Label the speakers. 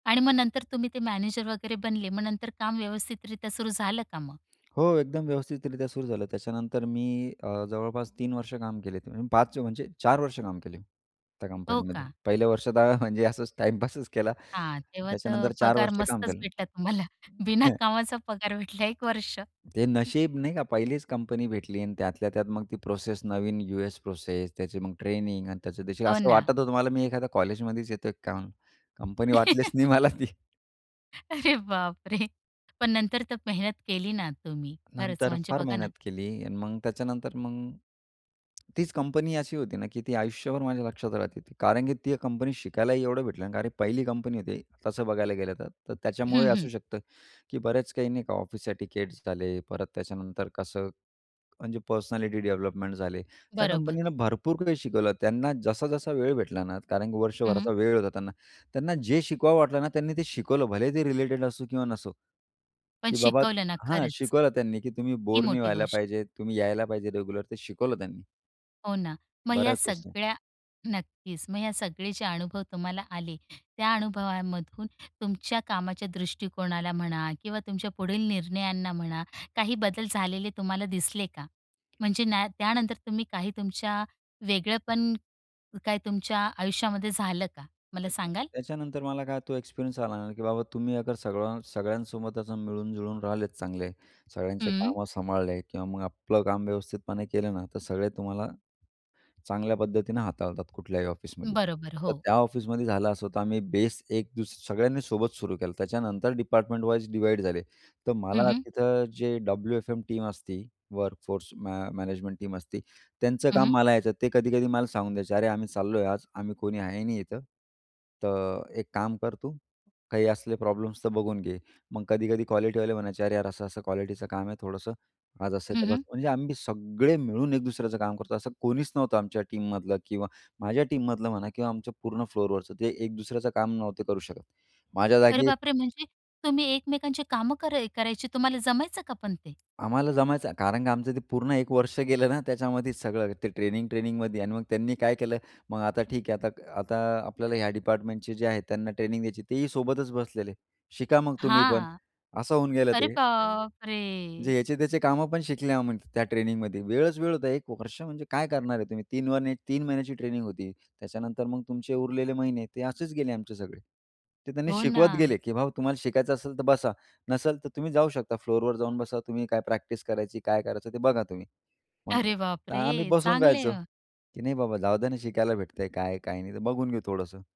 Speaker 1: आणि मग नंतर तुम्ही ते मॅनेजर वगैरे बनले मग नंतर काम व्यवस्थितरित्या सुरू झालं का मग?
Speaker 2: हो, एकदम व्यवस्थितरीत्या सुरू झालं. त्याच्यानंतर मी अ, जवळपास 3 वर्ष काम केले. 5 म्हणजे 4 वर्ष काम केले त्या
Speaker 1: हो
Speaker 2: कंपनीमध्ये.
Speaker 1: का?
Speaker 2: पहिल्या वर्षात हं, म्हणजे असचं टाईमपासच केला.
Speaker 1: हां. तेव्हा तर
Speaker 2: त्याच्यानंतर 4
Speaker 1: पगार
Speaker 2: वर्ष काम
Speaker 1: मस्तच
Speaker 2: केलं.
Speaker 1: भेटला तुम्हाला. बिना
Speaker 2: हं.
Speaker 1: कामाचा पगार भेटला 1 वर्ष.
Speaker 2: ते नशीब नाही का? पहिलीच कंपनी भेटली आणि त्यातल्या त्यात मग ती प्रोसेस नवीन यू एस प्रोसेस. त्याची मग ट्रेनिंग आणि त्याचं
Speaker 1: हो
Speaker 2: असं
Speaker 1: ना.
Speaker 2: वाटत होतं मला, मी एखाद्या कॉलेजमध्येच येतोय काय? कंपनी वाटलीच नाही मला ती.
Speaker 1: अरे, बापरे! पण नंतर तर मेहनत केली ना तुम्ही? खरंच
Speaker 2: नंतर
Speaker 1: म्हणजे
Speaker 2: फार
Speaker 1: बघा ना
Speaker 2: मेहनत केली आणि मग त्याच्यानंतर मग. तीच कंपनी अशी होती ना की ती आयुष्यभर माझ्या लक्षात राहिली ती. कारण की ती कंपनी शिकायलाही एवढं भेटलं ना. कारण पहिली कंपनी होती तसं बघायला गेलं तर. तर त्याच्यामुळे
Speaker 1: हं,
Speaker 2: ही
Speaker 1: हं.
Speaker 2: असू शकतं की बरेच काही नाही का ऑफिस एटिकेटस झाले. परत त्याच्यानंतर कसं म्हणजे पर्सनॅलिटी डेव्हलपमेंट झाले. त्या
Speaker 1: बरोबर.
Speaker 2: कंपनीनं भरपूर काही शिकवलं, त्यांना जसा-जसा वेळ भेटला ना, कारण की
Speaker 1: हं, हं.
Speaker 2: वर्षभराचा वेळ होता त्यांना. त्यांना जे शिकवावं वाटलं ना त्यांनी ते शिकवलं भले ते रिलेटेड असो किंवा नसो
Speaker 1: पण
Speaker 2: की बाबा
Speaker 1: शिकवलं ना
Speaker 2: हां,
Speaker 1: खरंच.
Speaker 2: शिकवलं त्यांनी की तुम्ही
Speaker 1: ही
Speaker 2: बोर नाही
Speaker 1: मोठी
Speaker 2: व्हायला
Speaker 1: गोष्ट.
Speaker 2: पाहिजे तुम्ही यायला पाहिजे रेग्युलर, ते शिकवलं त्यांनी.
Speaker 1: हो ना. मग ह्या
Speaker 2: बऱ्याच वस्तू.
Speaker 1: सगळ्या नक्कीच, मग ह्या सगळे जे अनुभव तुम्हाला आले त्या अनुभवामधून तुमच्या कामाच्या दृष्टिकोनाला म्हणा किंवा तुमच्या पुढील निर्णयांना म्हणा काही बदल झालेले तुम्हाला दिसले का? म्हणजे ना त्यानंतर तुम्ही काही तुमच्या वेगळेपण काय तुमच्या आयुष्यामध्ये झालं का मला
Speaker 2: त्याच्या
Speaker 1: सांगाल?
Speaker 2: त्याच्यानंतर मला काय तो एक्सपिरियन्स आला ना की बाबा तुम्ही अगर सगळ्या सगळ्यांसोबत असं मिळून-जुळून राहिलेत चांगले, सगळ्यांचे
Speaker 1: हं.
Speaker 2: कामं सांभाळले किंवा मग आपलं काम व्यवस्थितपणे केलं ना, तर सगळे तुम्हाला चांगल्या पद्धतीनं हाताळतात कुठल्याही ऑफिसमध्ये.
Speaker 1: बरोबर,
Speaker 2: तर
Speaker 1: हो.
Speaker 2: त्या ऑफिसमध्ये झालं असं तर आम्ही बेस एक दुसरी सगळ्यांनी सोबत सुरू केलं, त्याच्यानंतर डिपार्टमेंट वाईज डिव्हाईड झाले. तर
Speaker 1: हं,
Speaker 2: मला
Speaker 1: हं.
Speaker 2: तिथं जे डब्लू-एफ-एम टीम असती वर्क फोर्स मॅ मॅनेजमेंट टीम असती त्यांचं
Speaker 1: हं,
Speaker 2: काम
Speaker 1: हं.
Speaker 2: मला यायचं ते कधी-कधी मला सांगून द्यायचे "अरे, आम्ही चाललोय, आज आम्ही कोणी आहे नाही इथं. तर एक काम कर तू, काही असले प्रॉब्लेम्स तर बघून घे." मग कधी-कधी क्वालिटीवाले म्हणायचे, "अरे यार, असं-असं क्वालिटीचं काम आहे थोडंसं, आज असं आहे."
Speaker 1: हं,
Speaker 2: तर
Speaker 1: हं.
Speaker 2: म्हणजे आम्ही सगळे मिळून एक दुसऱ्याचं काम करतो असं कोणीच नव्हतं आमच्या टीममधलं किंवा माझ्या टीममधलं म्हणा किंवा आमच्या पूर्ण फ्लोरवरचं ते एक दुसऱ्याचं काम नव्हतं करू शकत. माझ्या
Speaker 1: अरे,
Speaker 2: जागी
Speaker 1: बापरे! म्हणजे तुम्ही एकमेकांची कामं करा करायची. तुम्हाला जमायचं का पण ते?
Speaker 2: आम्हाला जमायचं. कारण का आमचं ते पूर्ण 1 वर्ष गेलं ना त्याच्यामध्ये, सगळं ते ट्रेनिंग ट्रेनिंगमध्ये आणि मग त्यांनी काय केलं? मग आता ठीक आहे, आता आता आपल्याला ह्या डिपार्टमेंटचे जे आहेत त्यांना ट्रेनिंग द्यायची ते ही सोबतच बसलेले. "शिका मग तुम्ही पण."
Speaker 1: हां.
Speaker 2: असं होऊन गेलं
Speaker 1: अरे,
Speaker 2: ते.
Speaker 1: बाप
Speaker 2: जे
Speaker 1: रे!
Speaker 2: याचे त्याचे काम पण शिकले आम्ही त्या ट्रेनिंगमध्ये. वेळच वेळ होता 1 वर्ष म्हणजे काय करणार आहे तुम्ही. तीन वन 3 महिन्याची ट्रेनिंग होती, त्याच्यानंतर मग तुमचे उरलेले महिने ते असेच गेले आमचे सगळे. ते त्यांनी
Speaker 1: हो
Speaker 2: शिकवत
Speaker 1: ना.
Speaker 2: गेले की, "भाऊ तुम्हाला शिकायचं असेल तर बसा, नसेल तर तुम्ही जाऊ शकता फ्लोरवर जाऊन बसा. तुम्ही काय प्रॅक्टिस करायची काय करायचं ते बघा तुम्ही." मग
Speaker 1: अरे,
Speaker 2: तर आम्ही
Speaker 1: बापरे!
Speaker 2: बसून
Speaker 1: चांगले आहे
Speaker 2: राहायचो.
Speaker 1: मग.
Speaker 2: की नाही बाबा जाऊद्या ना शिकायला भेटतंय काय काय नाही तर बघून घेऊ थोडंसं.